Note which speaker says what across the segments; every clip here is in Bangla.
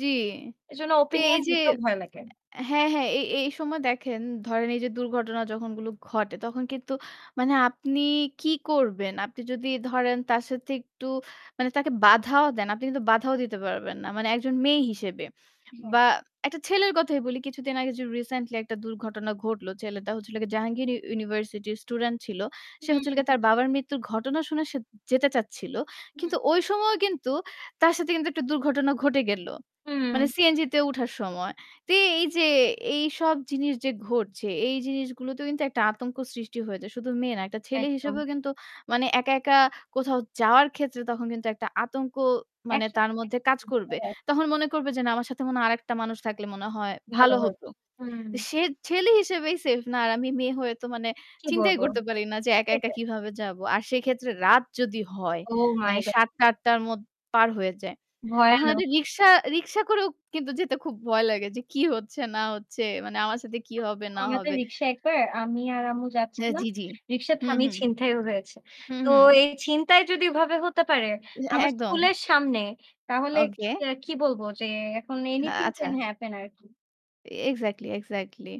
Speaker 1: জি।
Speaker 2: এজন্য
Speaker 1: তো এই
Speaker 2: ওপিনিয়ন
Speaker 1: যে
Speaker 2: দিতেও ভয় লাগে।
Speaker 1: অ্যা হ্যাঁ, হ্যাঁ এ এই সময় দেখেন ধরেন এই যে দুর্ঘটনা যখন গুলো ঘটে তখন কিন্তু মানে আপনি কি করবেন? আপনি যদি ধরেন তার সাথে একটু মানে তাকে বাধাও দেন। আপনি কিন্তু বাধাও দিতে পারবেন না। মানে একজন মেয়ে হিসেবে।
Speaker 2: হ্যাঁ।
Speaker 1: বা একটা ছেলের কথাই বলি, কিছুদিন আগে যে রিসেন্টলি একটা দুর্ঘটনা ঘটল। ছেলেটা হচ্ছে হল গিয়ে জাহাঙ্গীর ইউনিভার্সিটির স্টুডেন্ট ছিল। সে
Speaker 2: হুম,
Speaker 1: হচ্ছে হল গিয়ে
Speaker 2: হু।
Speaker 1: তার বাবার মৃত্যু ঘটনা শুনে সে যেতে চাচ্ছিল।
Speaker 2: হুম।
Speaker 1: কিন্তু ওই সময় কিন্তু তার সাথে কিন্তু একটা দুর্ঘটনা ঘটে গেল। মানে
Speaker 2: উম
Speaker 1: সিএনজি তে উঠার সময়। তো এই যে এইসব জিনিস যে ঘটছে, এই জিনিসগুলোতেও কিন্তু একটা আতঙ্ক সৃষ্টি হয়ে যায়। শুধু মেয়ে না। একটা ছেলে
Speaker 2: একদম।
Speaker 1: হিসেবেও কিন্তু মানে একা, একা কোথাও যাওয়ার ক্ষেত্রে তখন কিন্তু একটা আতঙ্ক মানে
Speaker 2: একসাথে
Speaker 1: তার মধ্যে কাজ করবে।
Speaker 2: [unintelligible] হয়।
Speaker 1: তখন মনে করবে যে না আমার সাথে মনে আরেকটা মানুষ থাকলে মনে হয়
Speaker 2: ভালো
Speaker 1: ভালো
Speaker 2: হয়।
Speaker 1: হতো।
Speaker 2: হুম।
Speaker 1: সে ছেলে হিসেবেই সেফ না। আর আমি মেয়ে হয়ে তো মানে
Speaker 2: কি
Speaker 1: চিন্তাই
Speaker 2: বলবো?
Speaker 1: করতে পারি না যে একা, একা
Speaker 2: সেটাই।
Speaker 1: কিভাবে যাবো। আর সেক্ষেত্রে রাত যদি হয়,
Speaker 2: ওহ মাই
Speaker 1: মানে
Speaker 2: গ
Speaker 1: ৭ঃ০০ টা ৮ঃ০০ টার মধ্যে পার হয়ে যায়। এখন
Speaker 2: ভয়ানক।
Speaker 1: একটা রিক্সা, রিক্সা করেও কিন্তু যেতে খুব ভয় লাগে যে কি হচ্ছে না হচ্ছে। মানে আমার সাথে কি হবে না
Speaker 2: ওনাদের
Speaker 1: হবে।
Speaker 2: রিকশায় একবার আমি আর আম্মু
Speaker 1: হ্যাঁ,
Speaker 2: যাচ্ছিলাম।
Speaker 1: জি, জি।
Speaker 2: রিকশা
Speaker 1: হুম,
Speaker 2: থামিয়ে
Speaker 1: হুম।
Speaker 2: ছিনতাইও হয়েছে।
Speaker 1: হুম,
Speaker 2: তো
Speaker 1: হুম।
Speaker 2: এই ছিনতাই যদি ওভাবে হতে পারে,
Speaker 1: এ
Speaker 2: আমার
Speaker 1: একদম।
Speaker 2: স্কুলের সামনে তাহলে কি,
Speaker 1: ওকে।
Speaker 2: কি বলবো যে এখন
Speaker 1: আ
Speaker 2: এনিথিং ক্যান
Speaker 1: আচ্ছা।
Speaker 2: হ্যাপেন আরকি।
Speaker 1: Exactly, exactly.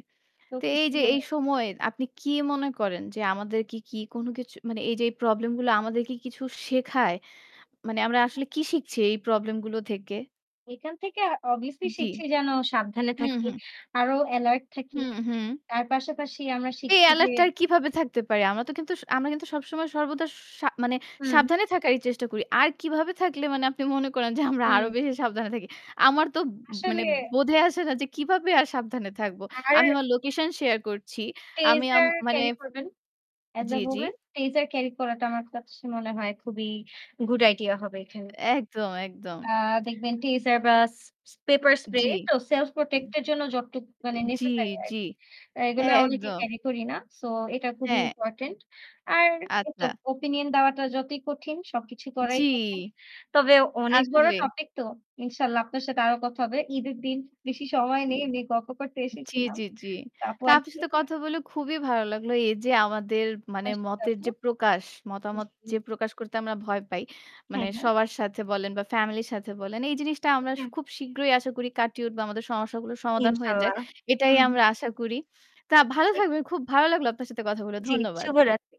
Speaker 2: তো
Speaker 1: তো এই
Speaker 2: কিছু
Speaker 1: যে
Speaker 2: বলে
Speaker 1: এই
Speaker 2: না।
Speaker 1: সময় আপনি কি মনে করেন যে আমাদের কি, কি কোন কিছু মানে এই যে এই প্রবলেম গুলো আমাদেরকে কিছু শেখায়? মানে আমরা আসলে কি শিখছি এই প্রবলেম গুলো থেকে?
Speaker 2: এখান থেকে অবভিয়াসলি
Speaker 1: জি।
Speaker 2: শিখছি যেন সাবধানে
Speaker 1: হুম,
Speaker 2: থাকি।
Speaker 1: হুম।
Speaker 2: আরো এলার্ট থাকি।
Speaker 1: হুম, হুম।
Speaker 2: তার পাশাপাশি আমরা
Speaker 1: এ
Speaker 2: শিখছি যে
Speaker 1: এলার্টটা আর কিভাবে থাকতে পারে? আমরা তো কিন্তু স আমরা কিন্তু সবসময় সর্বদা সা মানে
Speaker 2: হুম।
Speaker 1: সাবধানে থাকারই চেষ্টা করি। আর কিভাবে থাকলে মানে আপনি মনে করেন যে আমরা আরো
Speaker 2: হুম।
Speaker 1: বেশি সাবধানে থাকি? আমার তো মানে
Speaker 2: আসলে।
Speaker 1: বোধে আসে না যে কিভাবে আর সাবধানে থাকবো। আমি
Speaker 2: আর
Speaker 1: আমার লোকেশন শেয়ার করছি। আমি আম
Speaker 2: টেসার
Speaker 1: মানে
Speaker 2: ক্যারি করবেন। এস
Speaker 1: জি,
Speaker 2: আ
Speaker 1: জি।
Speaker 2: ওমেন। টেসার ক্যারি করাটা আমার কাছে মনে হয় খুবই গুড আইডিয়া হবে এখানে।
Speaker 1: একদম, একদম।
Speaker 2: আ দেখবেন টিজার বা স পেপার স্প্রে
Speaker 1: জি।
Speaker 2: তো সেলফ
Speaker 1: এন
Speaker 2: প্রটেক্ট এর জন্য যতটুকু মানে
Speaker 1: এন জি,
Speaker 2: নেসেসারি
Speaker 1: জি।
Speaker 2: আরকি। অ্যা
Speaker 1: এ
Speaker 2: এগুলো অনেকে
Speaker 1: একদম।
Speaker 2: ক্যারি করি না। সো এটা খুবই
Speaker 1: হ্যাঁ।
Speaker 2: ইম্পোর্টেন্ট। আর ওইতো
Speaker 1: আচ্ছা।
Speaker 2: ওপিনিয়ন দেওয়াটা যতই কঠিন সবকিছু করাই
Speaker 1: জি।
Speaker 2: কঠিন। তবে অনেক বড়
Speaker 1: আসলেই।
Speaker 2: টপিক তো। ইনশাআল্লাহ আপনার সাথে আরো কথা হবে। ঈদের দিন বেশি সময়
Speaker 1: উ
Speaker 2: নেই। এমনি গল্প করতে
Speaker 1: জি,
Speaker 2: এসেছিলাম।
Speaker 1: জি, জি।
Speaker 2: তা আপু
Speaker 1: তা আপনার
Speaker 2: আসি।
Speaker 1: সাথে কথা বলে খুবই ভালো লাগলো। এই যে আমাদের মানে
Speaker 2: আচ্ছা,
Speaker 1: মতের যে
Speaker 2: তারপর?
Speaker 1: প্রকাশ, মতামত
Speaker 2: জি।
Speaker 1: যে প্রকাশ করতে আমরা ভয় পাই। মানে
Speaker 2: হ্যাঁ, হ্যাঁ।
Speaker 1: সবার সাথে বলেন বা ফ্যামিলির সাথে বলেন। এই জিনিসটা আমরা
Speaker 2: [unintelligible]
Speaker 1: খুব শীঘ্রই আশা করি কাটিয়ে উঠবো আমাদের সমস্যাগুলোর সমাধান হয়ে যাক।
Speaker 2: ইনশাল্লাহ,
Speaker 1: এটাই
Speaker 2: হুম।
Speaker 1: আমরা আশা করি। তা ভালো
Speaker 2: [unintelligible]
Speaker 1: থাকবেন, খুব ভালো লাগলো আপনার সাথে কথাগুলো।
Speaker 2: জি,
Speaker 1: ধন্যবাদ।
Speaker 2: শুভরাত্রি।